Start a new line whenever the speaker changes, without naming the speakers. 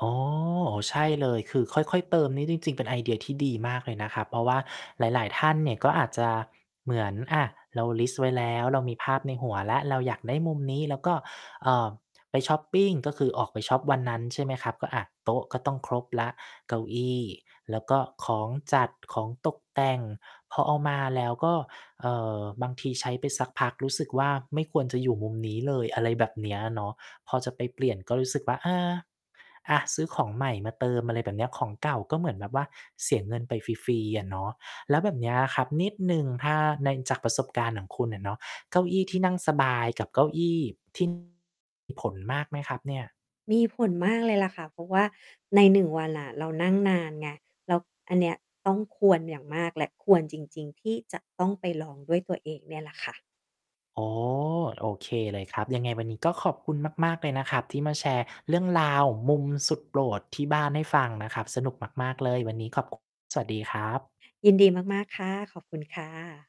อ๋อ ใช่เลย คือค่อย ๆ เติมนี้จริง ๆ เป็นไอเดียที่ดีมากเลยนะครับ เพราะว่าหลาย ๆ ท่านเนี่ย ก็อาจจะเหมือน อ่า เราลิสต์ไว้แล้ว เรามีภาพในหัวแล้ว เราอยากได้มุมนี้ แล้วก็ อ่า ไปช็อปปิง ก็คือออกไปช็อปวันนั้น ใช่ไหมครับ ก็ อะ โต๊ะก็ต้องครบแล้ว เก้าอี้ แล้วก็ของจัด ของตกแต่งพอเอามา แล้วก็ เอ่อ บางทีใช้ไปสักพักรู้สึกว่า ไม่ควรจะอยู่มุมนี้เลย อะไรแบบนี้เนาะ พอจะไปเปลี่ยน ก็รู้สึกว่า อา อ่า ซื้อของใหม่มาเติมอะไรแบบนี้ ของเก่าก็เหมือนแบบว่าเสียเงินไปฟรี ๆ อะเนาะ แล้วแบบเนี้ยครับนิดหนึ่ง ถ้าใน จากประสบการณ์ของคุณอะเนาะ เก้าอี้ที่นั่งสบายกับเก้าอี้ ที่ มีผลมากไหมครับเนี่ย?
มีผลมากเลยล่ะค่ะ เพราะว่าใน 1 วันอะเรานั่งนานไง แล้วอันเนี้ยต้องควรอย่างมากแหละควรจริง ๆ ที่จะต้องไปลองด้วยตัวเองเนี่ยล่ะค่ะ
อ๋อ โอเคเลยครับ ยังไงวันนี้ก็ขอบคุณมาก ๆ เลยนะครับที่มาแชร์เรื่องราว มุมสุดโปรดที่บ้านให้ฟังนะครับ สนุกมาก ๆ เลย วันนี้ขอบ คุ สวัสดีครับ
ยินดีมาก ๆ ค่ะ ขอบคุณค่ะ